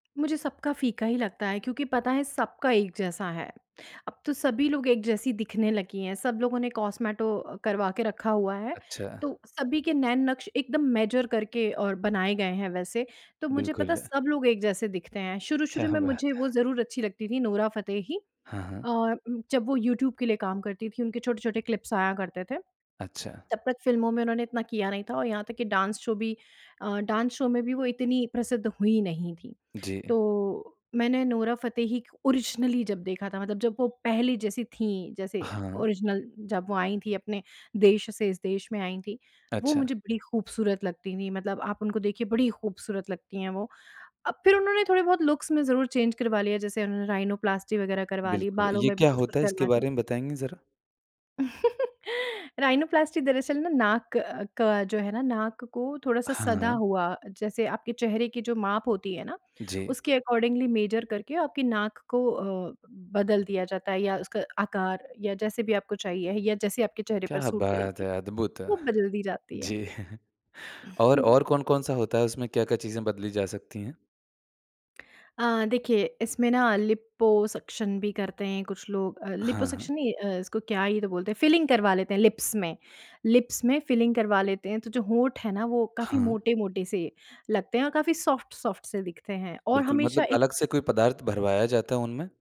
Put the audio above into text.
मुझे सबका फ़ीका ही लगता है क्योंकि पता है सबका एक जैसा है। अब तो सभी लोग एक जैसी दिखने लगी हैं, सब लोगों ने कॉस्मेटो अ, करवा के रखा हुआ है अच्छा। तो सभी के नैन-नक्श एकदम मेजर करके और बनाए गए हैं, वैसे तो मुझे पता है बिल्कुल। सब लोग एक जैसे दिखते हैं। क्या शुरू-शुरू में बात मुझे वो है। ज़रूर अच्छी लगती थी, नोरा फतेही हाँ, हाँ। और उम, जब वो यूट्यूब के लिए काम करती थी उनके छोटे-छोटे क्लिप्स आया करते थे। अच्छा। तब तक फ़िल्मों में उन्होंने इतना किया नहीं था और यहाँ तक कि डांस शो भी अ, डांस शो में भी वो इतनी प्रसिद्ध हुई नहीं थी। जी। तो मैंने नोरा फतेही क ओरिजिनली जब देखा था मतलब जब वो पहली जैसी थी जैसे हाँ। ओरिज़िनल जब वो आई थी अपने देश से, इस देश में आई थी वो अच्छा। मुझे बड़ी खूबसूरत लगती थी। मतलब आप उनको देखिए बड़ी खूबसूरत लगती हैं वो, अब फिर उन्होंने थोड़े-बहुत लुक्स में ज़रूर चेंज करवा लिया जैसे उन्होंने राइनोप्लास्टी वग़ैरह करवा ली, बिल्कुल। बालों ये में भी क्या कुछ-कुछ होता है, करवा इसके लिया। बारे में बताएँगे जरा? राइनोप्लास्टी दरअसल ना, नाक क का जो है ना, नाक को थोड़ा-सा सदा हाँ। हुआ, जैसे आपके चेहरे की जो माप होती है ना जी। उसके अकॉर्डिंगली मेजर करके आपकी नाक को अ, बदल दिया जाता है या उसका आकार या जैसे भी आपको चाहिए या जैसे आपके चेहरे पर क्या सूट बात करेगी, है, अद्भुत। वो बदल दी जाती है। जी और हुँ। और कौन-कौन-सा होता है, उसमें क्या-क्या चीज़ें बदली जा सकती हैं? अ, देखिए इसमें ना लिपोसक्शन भी करते हैं कुछ लोग अ, हाँ। लिपोसक्शन नहीं अ, इसको क्या ही तो बोलते हैं? फ़िलिंग करवा लेते हैं लिप्स में। लिप्स में फ़िलिंग करवा लेते हैं तो जो होंठ है ना, वो काफ़ी हाँ। मोटे-मोटे से लगते हैं और काफ़ी सॉफ्ट-सॉफ्ट से दिखते हैं और बिल्कुल, हमेशा मतलब एक अलग से कोई पदार्थ भरवाया जाता है उनमें?